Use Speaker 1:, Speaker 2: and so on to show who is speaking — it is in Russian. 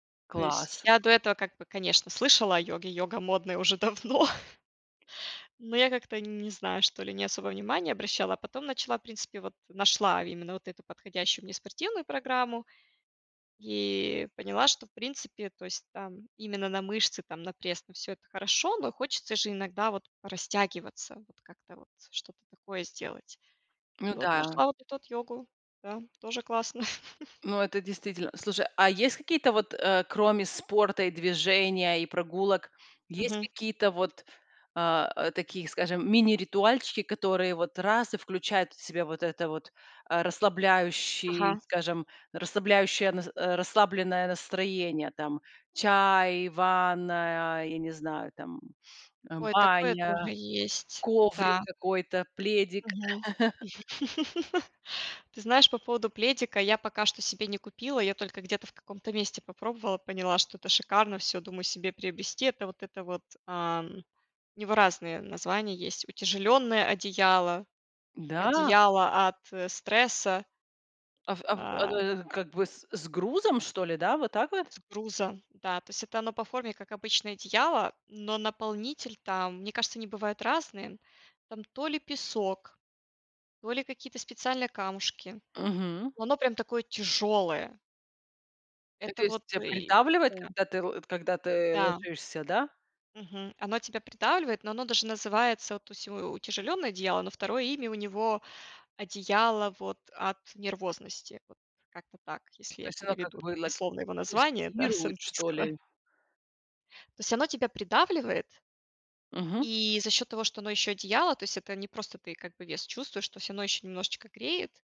Speaker 1: То есть
Speaker 2: Класс.
Speaker 1: я до этого как бы, конечно, слышала о йоге, йога модная уже давно. Но я как-то, не знаю что ли, не особо внимания обращала, а потом начала, в принципе, вот нашла именно вот эту подходящую мне спортивную программу и поняла, что, в принципе, то есть там именно на мышцы, там, на пресс, на всё- это хорошо, но хочется же иногда вот порастягиваться, вот как-то вот что-то такое сделать. И
Speaker 2: Ну
Speaker 1: вот
Speaker 2: да.
Speaker 1: нашла вот эту вот йогу. Да. Тоже классно.
Speaker 2: Ну, это действительно Слушай, а есть какие-то вот, э, кроме спорта и движения, и прогулок, есть
Speaker 1: Мгм.
Speaker 2: какие-то вот, а, э, такие, скажем, мини-ритуальчики, которые вот раз- и включают в себя вот это вот, э, расслабляющий,
Speaker 1: Ага.
Speaker 2: скажем, расслабляющее нас э, расслабленное настроение, там? Чай, ванная, я не знаю, там, э,
Speaker 1: Ой, такое
Speaker 2: баня,
Speaker 1: тоже есть,
Speaker 2: коврик
Speaker 1: да.
Speaker 2: какой-то, пледик.
Speaker 1: Мгм. Ты знаешь, по поводу пледика- я пока что себе не купила, я только где-то в каком-то месте попробовала, поняла, что это шикарно, всё, думаю себе приобрести это, вот это вот, ам. У него разные названия есть: утяжеленное одеяло,
Speaker 2: Да?
Speaker 1: одеяло от, э, стресса.
Speaker 2: А в а в а
Speaker 1: А.
Speaker 2: оно как бы с с грузом что ли, да, вот так вот?
Speaker 1: С грузом. Да. То есть это оно по форме, как обычное одеяло, но наполнитель там, мне кажется, они бывают разные, там то ли песок, то ли какие-то специальные камушки,
Speaker 2: Мгм.
Speaker 1: но оно прям такое тяжелое.
Speaker 2: Э, то
Speaker 1: Это
Speaker 2: есть
Speaker 1: вот
Speaker 2: тебя
Speaker 1: и
Speaker 2: придавливает,
Speaker 1: Да.
Speaker 2: когда ты л когда ты
Speaker 1: Да.
Speaker 2: ложишься, да?
Speaker 1: Мгм, оно тебя придавливает, но оно даже называется, вот, то есть у утяжеленное одеяло, но 2 имя у него: одеяло, вот, от нервозности, вот, как-то так, если
Speaker 2: То
Speaker 1: я
Speaker 2: есть оно как
Speaker 1: переведу
Speaker 2: бы ла
Speaker 1: дословно его название, да, с
Speaker 2: тестирует, что
Speaker 1: английского.
Speaker 2: ли?
Speaker 1: То есть оно тебя придавливает
Speaker 2: Мгм.
Speaker 1: и за счет того, что оно еще одеяло, то есть это не просто как бы ты вес чувствуешь, то есть оно еще немножечко греет.